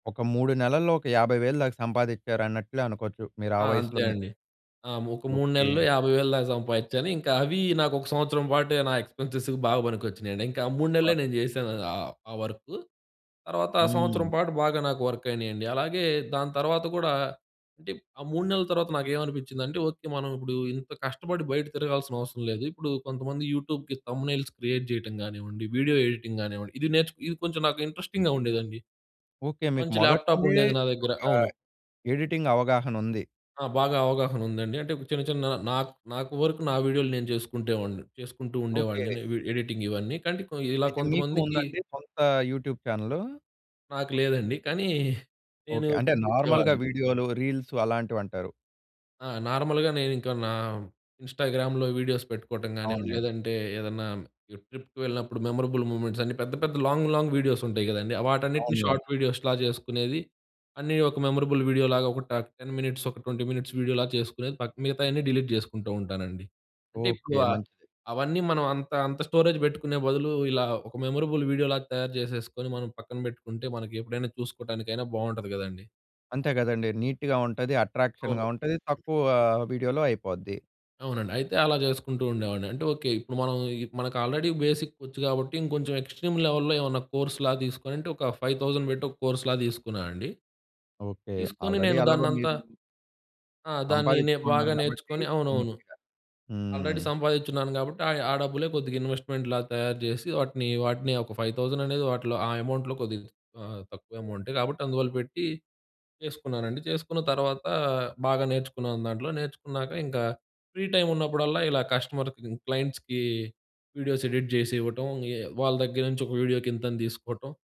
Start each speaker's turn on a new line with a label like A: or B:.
A: ఒక 3 నెలల్లో, ఒక 50,000 దాక సంపాదించారన్నట్లే అనుకోవచ్చు మీరు ఆ
B: ఆ! అంతే
A: వయసులోనే.
B: అండి. ఆ! ఒక 3
A: ఓకే.
B: నెలల్లో 50,000 దాక సంపాదించాను. ఇంకా అవి నాకు ఒక సంవత్సరం పాటు, నా ఎక్స్‌పెన్సెస్ బాగా పనికొచ్చినయండి. ఇంకా ఆ 3 నెలలే
A: అబ్బా!
B: నేను చేశాను ఆ ఆ వర్కు. తర్వాత ఆ సంవత్సరం
A: హ్మ్!
B: పాటు బాగా నాకు వర్క్ అయినాయండి. అలాగే దాని తర్వాత గూడా, అంటే ఆ 3 నెలల తర్వాత నాకు ఏమనిపించిందంటే, ఓకే, మనం ఇప్పుడు ఇంత కష్టపడి బయట తిరగాల్సిన అవసరం లేదు. ఇప్పుడు కొంతమంది యూట్యూబ్‌కి థంబ్‌నెయిల్స్ క్రియేట్ చేయటం గానివ్వండి, వీడియో ఎడిటింగ్ గానివ్వండి, ఇది నేర్చు ఇది కొంచెం నాకు ఇంట్రెస్టింగ్‌గా ఉండేదండి.
A: ఓకే. మీకు
B: మంచి
A: మొదటి
B: ల్యాప్‌టాప్
A: నుండే
B: ఉండేది నా దగ్గర.
A: ఒక
B: అవును.
A: ఎడిటింగ్ అవగాహన ఉంది.
B: ఆ! బాగా అవగాహన ఉందండి. అంటే చిన్న చిన్న నా నాకు వరకు నా వీడియోలు నేను చేసుకుంటే, వాడిని చేసుకుంటూ
A: ఓకే.
B: ఉండేవాడిని ఎడిటింగ్ ఇవన్నీ. కానీ ఇలా
A: అయితే మీకు
B: కొంతమందికి
A: ఉందండి, సొంత యూట్యూబ్ చానెల్లు?
B: నాకు లేదండి. కానీ నేను
A: ఓకే. అంటే నార్మల్‌గా
B: ఇచ్చేవాడిని.
A: వీడియోలు, రీల్స్ అలాంటివి అంటారు.
B: ఆ! నార్మల్‍గా నేను ఇంకా, నా ఇన్‌స్టా‌గ్రామ్‌లో వీడియోస్ పెట్టుకోవటం కానివ్వండి,
A: అవునులెండి.
B: లేదంటే ఏదన్నా ట్రిప్‌కి వెళ్ళినప్పుడు మెమరబుల్ మూవ్మెంట్స్ అన్ని పెద్ద పెద్ద లాంగ్, లాంగ్ వీడియోస్ ఉంటాయి గదండీ. వాటన్నిటిని
A: అవునులెండి.
B: షార్ట్ వీడియోస్‌లా చేసుకునేది. అన్నీ ఒక మెమరబుల్ వీడియోలాగా ఒక ట 10 మినిట్స్, ఒక 20 మినిట్స్ వీడియోలాగా చేసుకునేది. మిగతాయన్నీ డిలీట్ చేసుకుంటూ ఉంటానండి. అంటే ఇప్పుడు
A: ఓకే.
B: ఆహ్,
A: మంచిది.
B: అవన్నీ మనం అంత అంత స్టోరేజ్ పెట్టుకునే బదులు ఇలా ఒక మెమరబుల్ వీడియోలాగా తయారు చేసేసుకొని, మనం పక్కన పెట్టుకుంటే మనకి ఎప్పుడైనా చూసుకోవటానికైనా బాగుంటది కదండీ.
A: అంతే కదండీ నీట్‌గా ఉంటది, అట్రాక్షన్‌గా
B: అవును.
A: ఉంటది, తక్కువ వీడియోలో అయిపోద్ది.
B: అవునండి. అయితే అలా చేసుకుంటూ ఉండేవాడిని. అంటే ఓకే ఇప్పుడు మనం, మనకు ఆల్రెడీ బేసిక్ ఒచ్చు కాబట్టి, ఇంకొంచెం ఎక్స్‌ట్రీమ్ లెవెల్‌లో ఏమన్నా కోర్స్‌లాగా తీసుకొని, అంటే ఒక 5000 పెట్టి ఒక కోర్స్‌లాగా తీసుకున్నానండి.
A: ఓకే.
B: తీసుకొని
A: ఆల్రెడీ
B: నేను
A: ఎలాగో
B: దాన్నంతా
A: మీరు
B: ఆ! దాన్ని నే
A: సంపాదించుకున్నారు
B: బాగా
A: కాబట్టి
B: నేర్చుకుని అవునవును.
A: నీట్‌గా
B: ఆల్రెడీ
A: హ్మ్!
B: సంపాదిచిన్నాను. కాబట్టి ఆ డబ్బులే కొద్దిగా ఇన్వెస్ట్మెంట్‌లాగా తయారు చేసి వాటిని, వాటిని ఒక 5000 అనేది వాటిలో ఆ అమౌంట్‌లో కొద్దిగా ఆహ్, తక్కువ అమౌంట్. కాబట్టి అందువల్ల పెట్టి చేసుకున్నానండి. చేసుకున్న తర్వాత, బాగా నేర్చుకున్నాను దాంట్లో, నేర్చుకున్నాక ఇంకా ఫ్రీ టైమ్ ఉన్నప్పుడల్లా ఇలా కస్టమర్‌కి, క్లయింట్స్‌కి వీడియోస్ ఎడిట్ చేసి ఇవ్వటం, ఏ వాళ్ళ దగ్గర నుంచి ఒక వీడియోకి ఇంతని తీసుకోవటం.